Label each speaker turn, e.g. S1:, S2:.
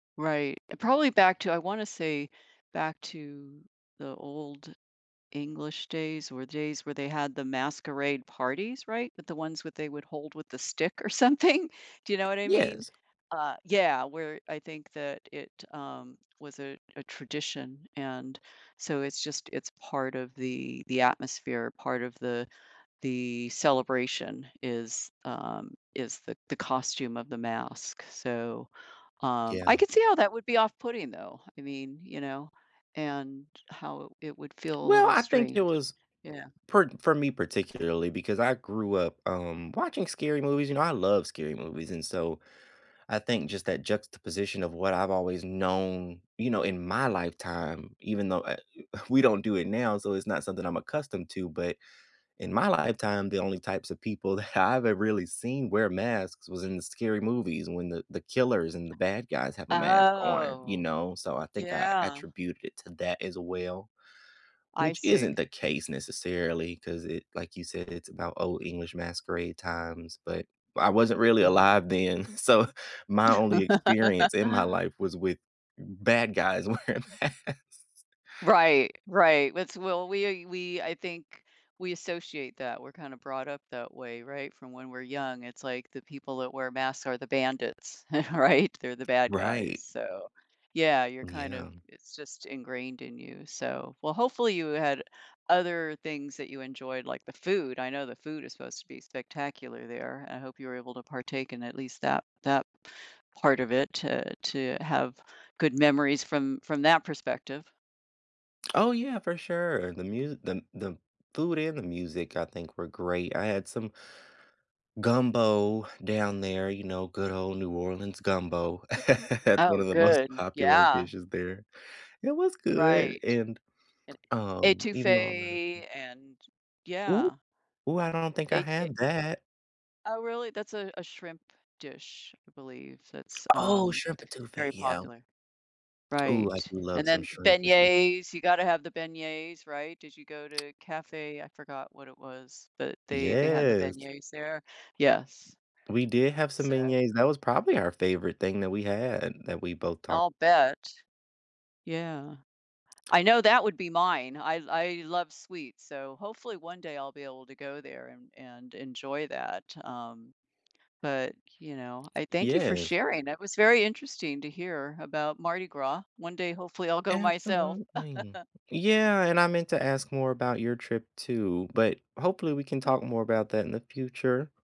S1: Right, probably back to I wanna say, back to the Old English days, or days where they had the masquerade parties, right? With the ones with they would hold with the stick or something. Do you know what I mean,
S2: Yes.
S1: uh, yeah, where I think that it, um, was a a tradition, and, so, it's just it's part of the the atmosphere, part of the the celebration, is, um, is the the costume of the mask, so, um, I
S2: Yeah.
S1: could see how that would be off-putting, though, I mean, you know, and how it would feel a
S2: Well,
S1: little
S2: I think it
S1: strange.
S2: was
S1: Yeah.
S2: per for me particularly, because I grew up, um, watching scary movies, you know, I love scary movies, and so, I think just that juxtaposition of what I've always known, you know, in my lifetime, even though, uh, u we don't do it now, so it's not something I'm accustomed to, but, in my lifetime, the only types of people that I've ever really seen wear masks, was in the scary movies, when the the killers and the bad guys have a mask on, you
S1: Oh.
S2: know, so, I think I
S1: Yeah.
S2: attributed it to that as well,
S1: I
S2: which isn't
S1: see.
S2: the case necessarily, 'cause it like you said, it's about Old English masquerade times, but I wasn't really
S1: Mhm.
S2: alive then, so, my only experience, in my life, was with bad guys wearing masks.
S1: Right, right, it's will we we I think we associate that, we're kinda brought up that way, right, from when we're young, it's like the people that wear masks are the bandits, right? They're the bad guys,
S2: Right.
S1: so, yeah, you're kind of
S2: Yeah.
S1: it's just ingrained in you, so, well, hopefully you had other things that you enjoyed, like the food, I know the food is supposed to be spectacular there, I hope you were able to partake in at least that that part of it, uh, to have good memories from from that perspective.
S2: Oh, yeah, for sure, the musi the the food and the music, I think, were great, I had some gumbo down there, you know, good old New Orleans gumbo. That's one
S1: Oh,
S2: of the most
S1: good.
S2: popular
S1: Yeah.
S2: dishes there. It was good.
S1: Right.
S2: And,
S1: And
S2: um, even though I'm not a
S1: etouffée, and
S2: Ooh!
S1: yeah.
S2: Ooh, I don't think I
S1: Et e e
S2: had that.
S1: Oh, really, that's a a shrimp dish, I believe, that's,
S2: Oh,
S1: um,
S2: shrimp étouffée,
S1: very
S2: yeah.
S1: popular.
S2: Ooh, I
S1: Right,
S2: do
S1: and
S2: love some
S1: then
S2: shrimp with some
S1: beignets, you gotta have the beignets, right, did you go to cafe I forgot what it was, but they they had the
S2: Yes.
S1: beignets there, yes.
S2: We did have some
S1: So
S2: beignets, that was probably our favorite thing that we had, that we both talk
S1: I'll bet. Yeah. I know that would be mine, I I love sweets, so hopefully one day I'll be able to go there and and enjoy that, um, but, you know, I thank you for
S2: Yes.
S1: sharing, that was very interesting to hear about Mardi Gras. One day, hopefully, I'll go myself.
S2: Absolutely. Yeah, and I meant to ask more about your trip too, but hopefully, we can talk more about that in the future.